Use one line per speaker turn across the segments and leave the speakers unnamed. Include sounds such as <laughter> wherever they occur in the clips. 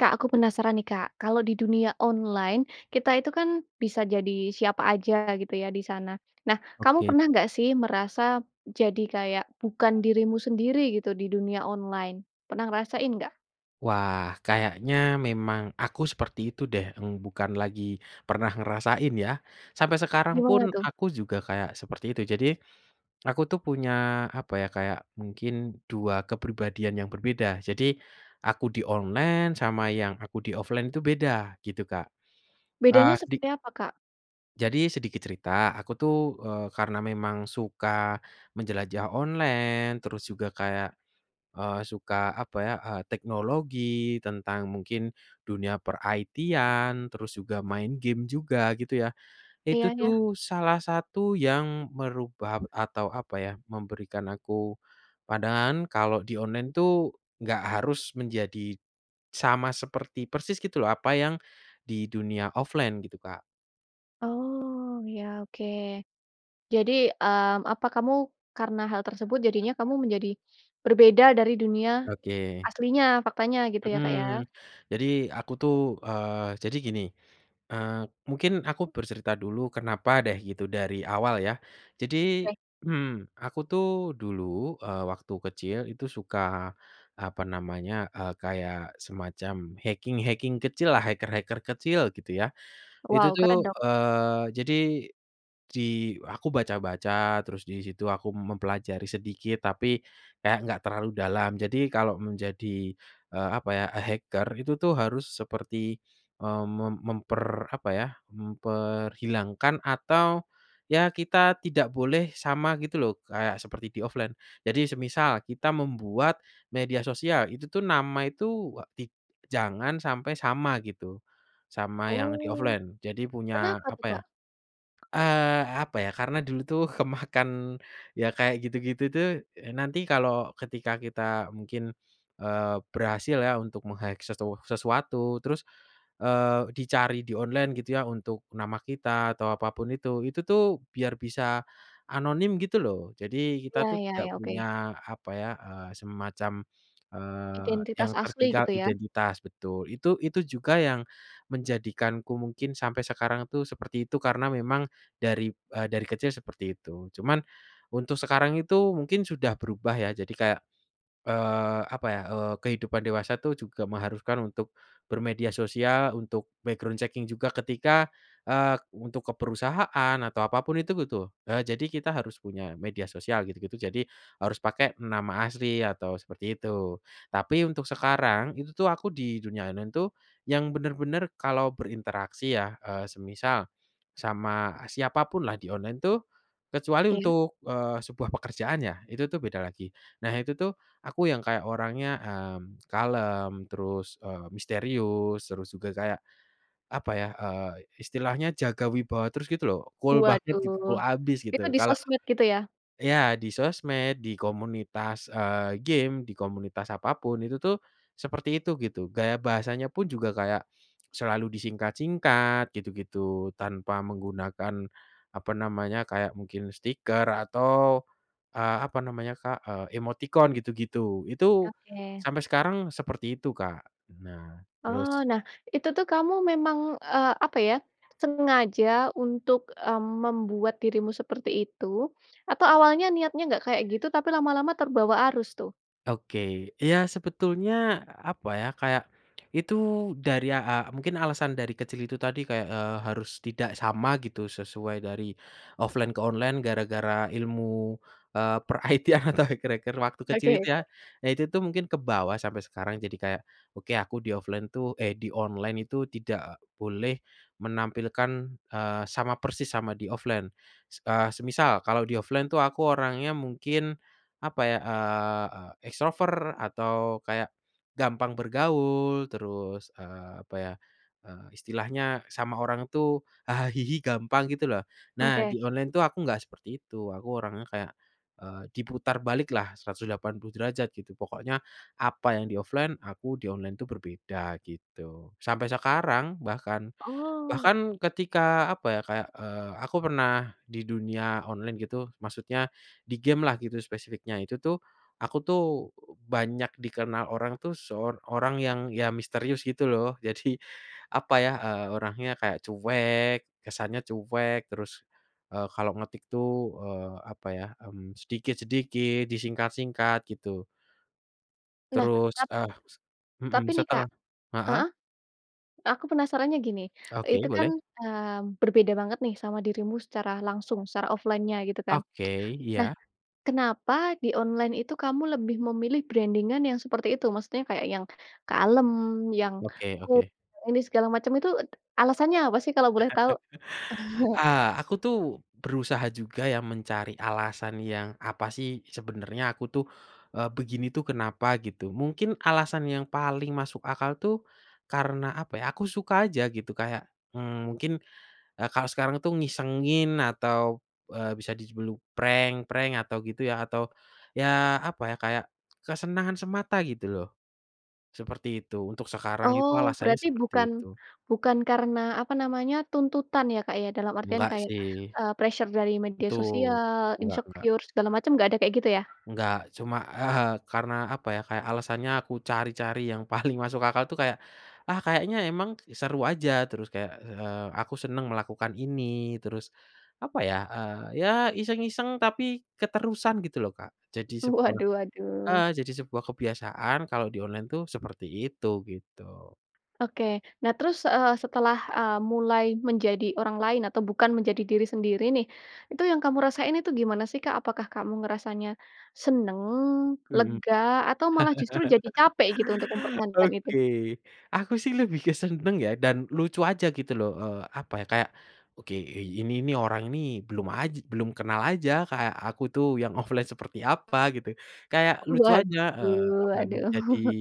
Kak, aku penasaran nih, Kak, kalau di dunia online kita itu kan bisa jadi siapa aja gitu ya di sana, nah kamu
Oke.
pernah enggak sih merasa jadi kayak bukan dirimu sendiri gitu di dunia online? Pernah ngerasain enggak?
Wah, kayaknya memang aku seperti itu deh, mmm, bukan lagi pernah ngerasain ya, sampai sekarang pun
Gimana tuh?
aku juga kayak seperti itu jadi, aku tuh punya apa ya kayak mungkin 2 kepribadian yang berbeda jadi, aku di online sama yang aku di offline itu beda gitu Kak,
Bedanya
ah, sedi
seperti apa, Kak?
Jadi sedikit cerita, aku tuh, eee, karena memang suka, menjelajah online terus juga kayak, eee, suka apa ya, eee, teknologi tentang mungkin, dunia per-IT-an, terus juga main game juga gitu ya, itu
Iya, ya.
tuh salah satu yang merubah atau apa ya, memberikan aku pandangan kalau di online tuh, nggak harus menjadi, sama seperti persis gitu loh apa yang, di dunia offline gitu, Kak.
Oh ya oke, jadi, mmm, apa kamu karena hal tersebut jadinya kamu menjadi, berbeda dari dunia,
Oke.
aslinya faktanya gitu ya Kak ya?
Mmm, jadi aku tuh, eee, jadi gini, eee, mungkin aku bercerita dulu kenapa deh gitu dari awal ya, jadi,
Oke.
mmm, aku tuh dulu, eee, waktu kecil itu suka, apa namanya, eee, kayak semacam hacking hacking kecillah hacker-hacker kecil gitu ya itu
Wow
tuh,
keren dong.
eee jadi, di aku baca-baca terus di situ aku mempelajari sedikit tapi, kayak nggak terlalu dalam jadi kalau menjadi, eee, apa ya hacker itu tuh harus seperti, mmm, me memper apa ya memperhilangkan atau, ya kita tidak boleh sama gitu loh kayak seperti di-offline jadi semisal kita membuat, media sosial itu tuh nama itu ik jangan sampai sama gitu, sama yang
Oh,
di-offline jadi punya
kenapa tuh,
apa ya,
Kak?
eee, apa ya karena dulu itu kemakan, ya kayak gitu-gitu tuh, eee, nanti kalau ketika kita mungkin, eee, berhasil ya untuk meng-hack sesu sesuatu terus, eee, dicari di online gitu ya untuk nama kita atau apa pun itu itu tuh biar bisa, anonim gitu loh jadi kita
Iya
tuh
ya
tidak
ya
punya
oke.
apa ya, eee, semacam, eee,
Identitas
yang
asli
tertinggal
gitu ya?
identitas betul itu itu juga yang, menjadikanku mungkin sampai sekarang tuh seperti itu karena memang, dari, eee, dari kecil seperti itu cuman, untuk sekarang itu mungkin sudah berubah ya jadi kayak, eee, apa ya, eee, kehidupan dewasa itu juga mengharuskan untuk, bermedia sosial untuk background checking juga ketika, eee, untuk ke perusahaan atau apa pun itu gitu, eee, jadi kita harus punya media sosial gitu gitu jadi harus pakai nama asli atau seperti itu, tapi untuk sekarang itu tuh aku di dunia online itu, yang bener-bener kalau berinteraksi ya, eee, semisal, sama siapapunlah di online tuh, kecuali
Iya.
untuk, eee, sebuah pekerjaan ya itu tuh beda lagi nah itu tuh aku yang kayak orangnya, mmm, kalem terus, eee, misterius terus juga kayak, apa ya, eee, istilahnya jaga wibawa terus gitu loh cool banget gitu cool
Waduh,
abis
itu
gitu
di
kalau
sosmed gitu ya?
Ya di sosmed, di komunitas, eee, game di komunitas apa pun itu tuh, seperti itu gitu gaya bahasanya pun juga kayak, selalu disingkat-singkat gitu gitu tanpa menggunakan, apa namanya kayak mungkin stiker atau, eee, apa namanya, Kak? emoticon gitu gitu itu,
Oke.
sampai sekarang seperti itu Kak nah terus
Oh nah itu tuh kamu memang, eee, apa ya, sengaja untuk, mmm, membuat dirimu seperti itu, atau awalnya niatnya enggak kayak gitu tapi lama-lama terbawa arus tuh?
Oke, iya sebetulnya apa ya kayak, itu dari ya a mungkin alasan dari kecil itu tadi kayak, eee, harus tidak sama gitu sesuai dari, offline ke online gara-gara ilmu, eee, per IT atau hacker-hacker waktu
Oke
kecil itu
oke.
ya, ya itu tuh mungkin kebawa sampai sekarang jadi kayak oke aku di-offline itu, eh, di online itu tidak boleh menampilkan, eee, sama persis sama di-offline, eee, semisal kalau di-offline itu itu aku orangnya mungkin, apa ya? Eee, e extrovert atau kayak, gampang bergaul terus, eee, apa ya, eee, istilahnya sama orang itu haha hihi gampang gitu loh nah
Oke.
di online tuh aku enggak seperti itu aku orangnya kayak, eee, diputar baliklah 180° gitu pokoknya, apa yang di-offline aku di online itu berbeda gitu sampai sekarang bahkan,
Oh.
bahkan ketika apa ya kayak, eee, aku pernah di dunia online gitu maksudnya, di gamelah gitu spesifiknya itu tuh, aku tuh, banyak dikenal orang tuh sor orang yang iya misterius gitu loh jadi, apa ya, eee, orangnya kayak cuek kesannya cuek terus, eee, kalau ngetik itu, eee, apa ya, mmm, sedikit-sedikit disingkat-singkat gitu.
Nah
Terus,
ap
eee,
Tapi
mhm,
nih Kak,
setelah, heeh.
heeh, aku penasarannya gini
Oke,
itu kan,
boleh.
eee, berbeda banget nih sama dirimu secara langsung secara offline-nya gitu kan?
Oke,
Nah,
iya.
kenapa di online itu kamu lebih memilih branding-an yang seperti itu maksudnya kayak yang, kalem yang
Oke
cool
oke.
ini segala macam itu alasannya apa sih kalau boleh tahu?
<chuckles>
<chuckles>
Ah, aku tuh berusaha juga ya mencari alasan yang apa sih sebenernya aku tuh, eee, begini tuh kenapa gitu mungkin alasan yang paling masuk akal itu, karena apa ya? Aku suka aja gitu kayak, mmm, mungkin, kalau sekarang tuh ngisengin atau, eee, bisa di sebut prank-prank atau gitu ya atau ya apa ya kayak kesenangan semata gitu loh, seperti itu untuk sekarang itu
Oh
alasannya
berarti
seperti
bukan
itu.
bukan karena apa namanya tuntutan ya Kak ya? Dalam artian
Enggak
kayak,
sih.
eee, pressure dari media
Betul,
sosial,
enggak enggak.
insecure, segala macam enggak ada kayak gitu ya?
Enggak cuma, eee, karena apa ya? Kayak alasannya aku cari-cari yang paling masuk akal itu kayak, ah, kayaknya emang seru aja terus kayak, eee, aku senang melakukan ini terus, apa ya? Eee, ya iseng-iseng tapi keterusan gitu loh Kak jadi sebuah,
Waduh
heeh,
waduh.
sebuah kebiasaan kalau di online itu seperti itu gitu.
Oke nah terus, eee, setelah, eee, mulai menjadi orang lain atau bukan menjadi diri sendiri nih, itu yang kamu rasain itu gimana sih, Kak? Apakah kamu ngerasanya, senang,
Mhm,
lega, atau malah justru jadi capek gitu untuk
<laughs>
mempertahankan itu?
oke, aku sih lebih ke senang ya dan lucu aja gitu loh, eee apa ya kayak oke ini nih orang ini belum aj belum kenal aja kayak aku tuh yang offline seperti apa gitu, kayak lucu aja, eee,
Waduh
apa ya
waduh.
menjadi
<chuckles>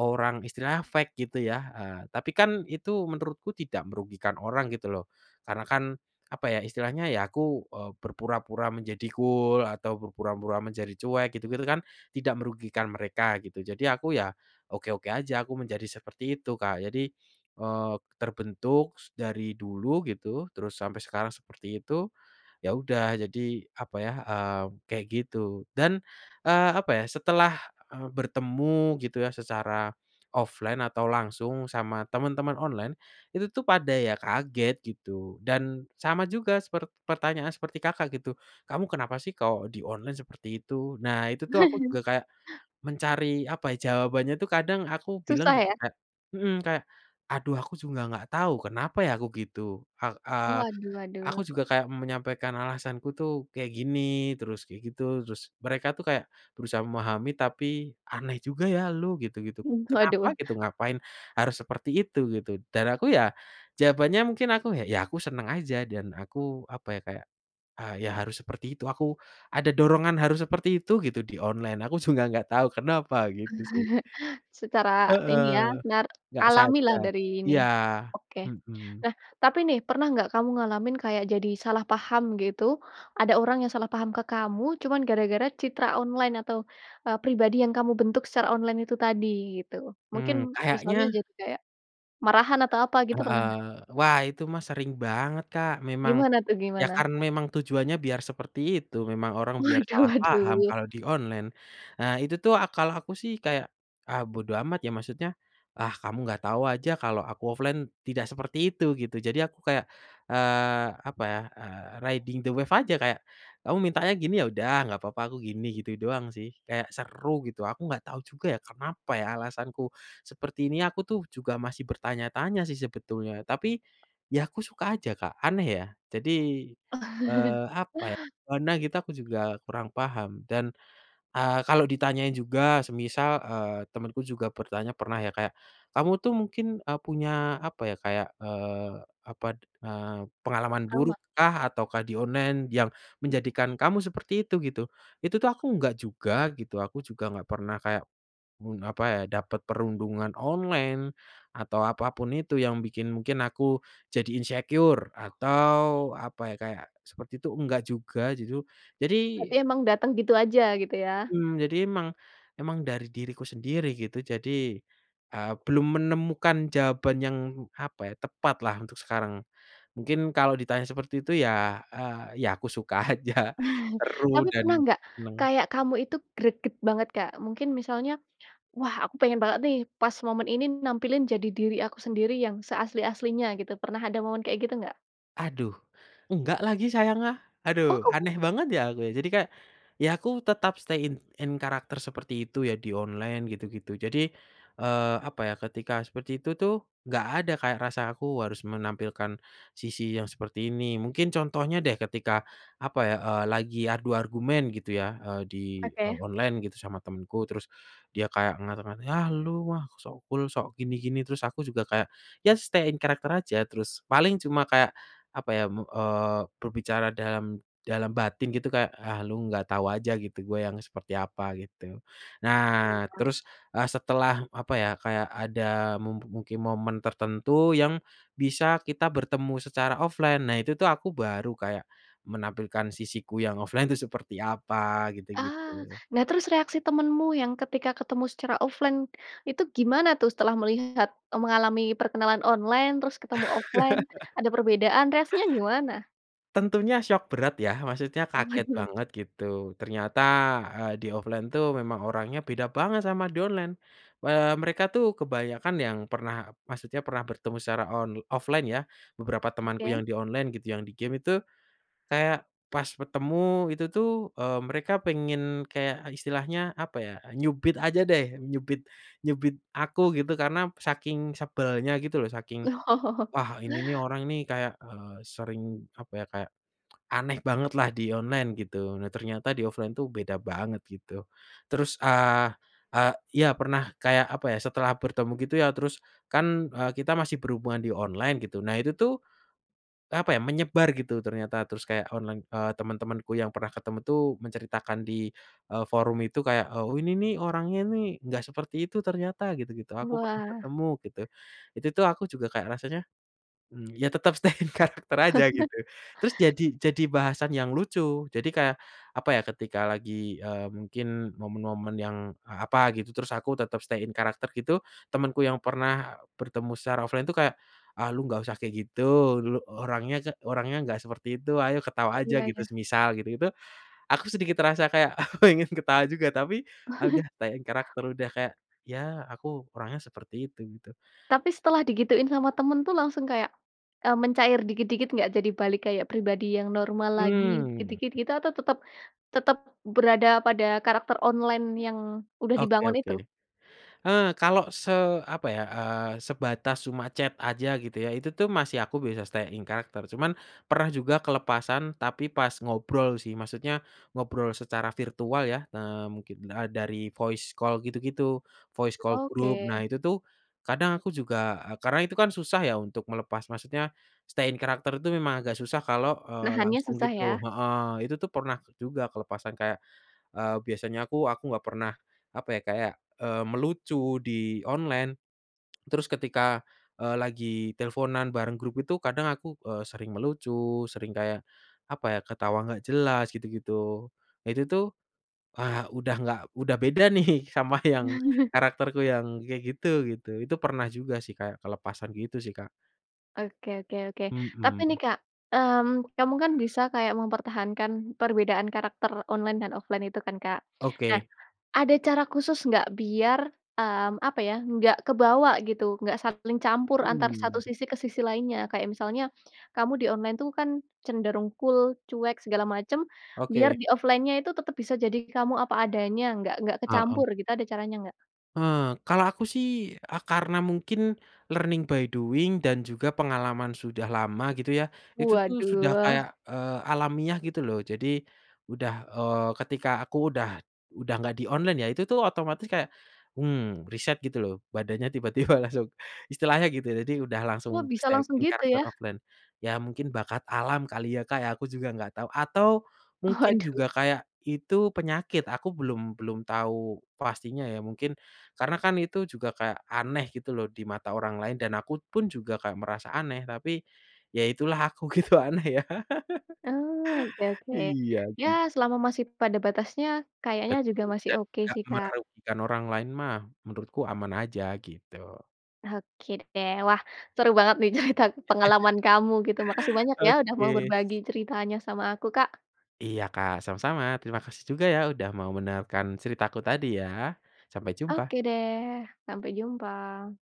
orang istilahnya fake gitu ya, eee, tapi kan itu menurutku tidak merugikan orang gitu loh, karena kan, apa ya istilahnya ya aku, eee, berpura-pura menjadi cool atau berpura-pura menjadi cuek gitu-gitu kan tidak merugikan mereka gitu jadi aku ya, oke-oke aja aku menjadi seperti itu Kak jadi, eee, terbentuk dari dulu gitu terus sampai sekarang seperti itu, iya udah jadi apa ya, eee, kayak gitu dan, eee, apa ya? Setelah, eee, bertemu gitu ya secara offline atau langsung sama temen-temen online, itu tuh pada kaget gitu dan sama juga sepert pertanyaan seperti Kakak gitu, kamu kenapa sih kalau di online seperti itu? Nah itu tuh aku juga
<chuckles>
kayak, mencari apa ya? Jawabannya itu kadang aku bilang
Susah
juga
ya?
kayak, mhm, kayak, aduh aku juga nggak tahu kenapa ya aku gitu a a
Oh waduh
aku
waduh.
juga kayak menyampaikan alasanku ituh kayak gini terus kayak gitu terus mereka tuh kayak, berusaha memahami tapi aneh juga ya lu gitu-gitu
Mmm,
kenapa
waduh.
gitu ngapain harus seperti itu gitu dan aku ya, jawabannya mungkin aku ya ya aku senang aja dan aku apa ya kayak, eee, iya harus seperti itu aku ada dorongan harus seperti itu gitu di online aku juga nggak tahu kenapa gitu sih.
<chuckles> secara ini
Heeh,
ya nart
enggak
alami lah
sadar
dari ini,
iya,
oke,
mhm.
nah tapi nih pernah nggak kamu ngalamin kayak jadi salah paham gitu, ada orang yang salah paham ke kamu cuman gara-gara citra online atau, eee, pribadi yang kamu bentuk secara online itu tadi gitu mungkin
Mmm,
misalnya
kayaknya
jadi kayak, marahan atau apa gitu pernah
Heeh,
nggak?
wah itu mah sering banget Kak memang,
Gimana tuh
iya
gimana?
karena memang tujuannya biar seperti itu memang orang biar
Waduh
salah paham
waduh.
kalau di online, ah, itu tuh kala aku sih kayak, ah, bodo amat ya maksudnya, ah, kamu nggak tahu aja kalau aku offline tidak seperti itu gitu jadi aku kayak, eee, apa ya, eee, riding the wave aja kayak, kamu mintanya gini ya udah gak apa-apa aku gini gitu doang sih kayak seru gitu aku nggak tahu juga ya kenapa ya alasanku seperti ini aku tuh juga masih bertanya-tanya sih sebetulnya tapi, ya aku suka aja Kak aneh ya? Jadi,
<chuckles>
eee, apa ya pernah gitu aku juga kurang paham dan, eee, kalau ditanya juga semisal, eee, temanku juga bertanya pernah ya kayak, kamu tuh mungkin, eee, punya apa ya kayak, eee, apa, eee, pengalaman
Trauma.
buruk kah atau kah di online yang menjadikan kamu seperti itu gitu, itu tuh aku enggak juga gitu aku juga nggak pernah kayak, mmm, apa ya? Dapet perundungan online, atau apa pun itu yang bikin mungkin aku jadi insecure atau apa ya kayak, seperti itu enggak juga gitu jadi
Berarti emang datang gitu aja gitu ya.
Mmm, jadi emang emang dari diriku sendiri gitu jadi, eee, belum menemukan jawaban yang apa ya? Tepatlah untuk sekarang, mungkin kalau ditanya seperti itu ya, eee, ya aku suka aja
<chuckles>
seru
Tapi
dan
pernah enggak,
senang.
kayak kamu itu greget banget, Kak? Mungkin misalnya, wah aku pengen banget nih pas momen ini nampilin jadi diri aku sendiri yang seasli-aslinya gitu pernah ada momen kayak gitu enggak?
Aduh, enggak lagi sayang, ah,
Oh,
aduh
kamu
aneh banget ya aku jadi kayak, ya aku tetap stay in in character seperti itu ya di online gitu gitu jadi, eee, apa ya ketika seperti itu tuh, nggak ada kayak rasa aku harus menampilkan, sisi yang seperti ini mungkin contohnya deh ketika, apa ya, eee, lagi adu argumen gitu ya, eee, di, eee,
Oke.
online gitu sama temanku terus, dia kayak ngata-ngata, "Ah, elu, wah, sok cool, sok gini-gini." Terus aku juga kayak ya stay in character aja terus paling cuma kayak, apa ya me eee, berbicara dalam dalam batin gitu kayak, "Ah, lu nggak tahu aja gitu gua yang seperti apa," gitu, nah
Iya.
terus, eee, setelah apa ya kayak ada mu mungkin momen tertentu yang, bisa kita bertemu secara offline, nah itu tuh aku baru kayak, menampilkan sisiku yang offline itu seperti apa gitu
Ah,
gitu.
nah, terus reaksi temenmu yang ketika ketemu secara offline, itu gimana tuh setelah melihat mengalami perkenalan online terus ketemu offline,
<laughs>
ada perbedaan reaksinya gimana?
Tentunya syok berat ya, maksudnya kaget
Waduh.
banget gitu ternyata, eee, di offline tuh memang orangnya beda banget sama di online, eee, mereka itu kebanyakan yang pernah maksudnya pernah bertemu secara on offline ya, beberapa temanku
Oke.
yang di online gitu yang di game itu, kayak pas ketemu itu tuh, eee, mereka pengen kayak istilahnya apa ya, nyubit aja deh, nyubit nyubit aku gitu karena saking sebelnya gitu loh saking,
Oh.
"Wah ini nih orang nih kayak, eee, sering apa ya, kayak, aneh bangetlah di online," gitu. Nah, ternyata di offline itu beda banget gitu, terus, eee eee, ya pernah kayak apa ya, setelah bertemu gitu ya terus kan, eee, kita masih berhubungan di online gitu, nah itu tuh, apa ya, menyebar gitu ternyata terus kayak online eee, temen-temanku yang pernah ketemu tuh menceritakan di, eee, forum itu kayak, "Ini nih orangnya nih enggak seperti itu ternyata," gitu-gitu, "Aku pernah
Wah.
ketemu," gitu, itu tuh aku juga kayak rasanya, mmm, ya tetap stay in character aja gitu
<chuckles>
terus jadi jadi bahasan yang lucu. Jadi kayak, apa ya, ketika lagi, eee, mungkin momen-momen yang a apa gitu terus aku tetap stay in character gitu temanku yang pernah bertemu secara offline itu kayak, "Ah, lu enggak usah kayak gitu, lu orangnya ga orangnya enggak seperti itu, ayo ketawa
Oh,
aja,"
iya
gitu,
iya.
semisal gitu-gitu, aku sedikit terasa kayak aku pengen ketawa juga tapi, ah, udah
<chuckles>
stay in character udah kayak, ya aku orangnya seperti itu gitu.
Tapi setelah digituin sama teman tuh langsung kayak, eee, mencair dikit-dikit enggak jadi balik kayak pribadi yang normal lagi
Mmm.
dikit-dikit gitu atau tetap tetap berada pada karakter online yang udah
Oke
dibangun
oke,
itu?
eee, kalau se apa ya, eee, sebatas cuma chat aja gitu ya itu tuh masih aku bisa stay in character cuman pernah juga kelepasan tapi pas ngobrol sih, maksudnya ngobrol secara virtual ya, eee, mungkin da dari voice call gitu-gitu, voice call group
Oke.
nah itu tuh, kadang aku juga karena itu kan susah ya untuk melepas maksudnya, stay in character itu memang agak susah kalau, eee,
Nahannya
langsung
susah ya?
gitu, heeh, itu tuh pernah juga kelepasan kayak, eee, biasanya aku aku nggak pernah apa ya kayak, eee, melucu di online, terus ketika, eee, lagi teleponan bareng grup itu kadang aku, eee, sering melucu, sering kayak, apa ya ketawa nggak jelas gitu-gitu, nah, itu tuh, ah, udah nggak udah beda nih sama yang
<chuckles>
karakterku yang kayak gitu-gitu, itu pernah juga sih Kak, kelepasan gitu sih, Kak.
Oke oke oke. Tapi nih
Mhm.
Kak, mmm, kamu kan bisa kayak mempertahankan perbedaan karakter online dan offline itu kan Kak. Nah,
Oke.
ada cara khusus enggak biar, mmm, apa ya enggak kebawa gitu, enggak saling campur antar satu
Mmm.
sisi ke sisi lainnya, kayak misalnya, kamu di online itu kan cenderung cool, cuek, segala macam, biar
Oke.
di offline-nya itu tetap bisa jadi kamu apa adanya nggak nggak
Heeh.
kecampur gitu, ada caranya enggak?
Eee, kalau aku sih a karena mungkin, learning by doing dan juga pengalaman sudah lama gitu ya. Itu tuh sudah
Waduh.
kayak, eee, alamiah gitu loh, jadi, udah eee, ketika aku udah udah nggak di online ya, itu tuh otomatis kayak, mmm, riset gitu loh badannya tiba tiba langsung istilahnya gitu. Jadi udah langsung
Oh bisa
stay
langsung
in
gitu
karakter
ya?
offline. Ya mungkin bakat alam kali ya Kak, aku juga nggak tahu, atau, mungkin
Waduh.
juga kayak itu penyakit aku belum belum tahu pastinya ya mungkin, karena kan itu juga kayak aneh gitu loh di mata orang lain, dan aku pun juga kayak merasa aneh tapi, ya itulah aku gitu aneh ya. <laughs>
Oh, oke oke,
Iya
ya
sih.
selama masih pada batasnya, kayaknya juga
Betul,
masih
dan
oke
enggak
sih, Kak.
merugikan orang lain mah, menurutku aman aja, gitu.
Oke deh. Wah, seru banget nih cerita pengalaman
<chuckles>
kamu gitu. Makasih banyak ya
Oke,
udah mau
s
berbagi ceritanya sama aku, Kak.
Iya, Kak, sama-sama, terima kasih juga ya udah mau mendengarkan ceritaku tadi ya, sampai jumpa.
Oke deh, sampai jumpa.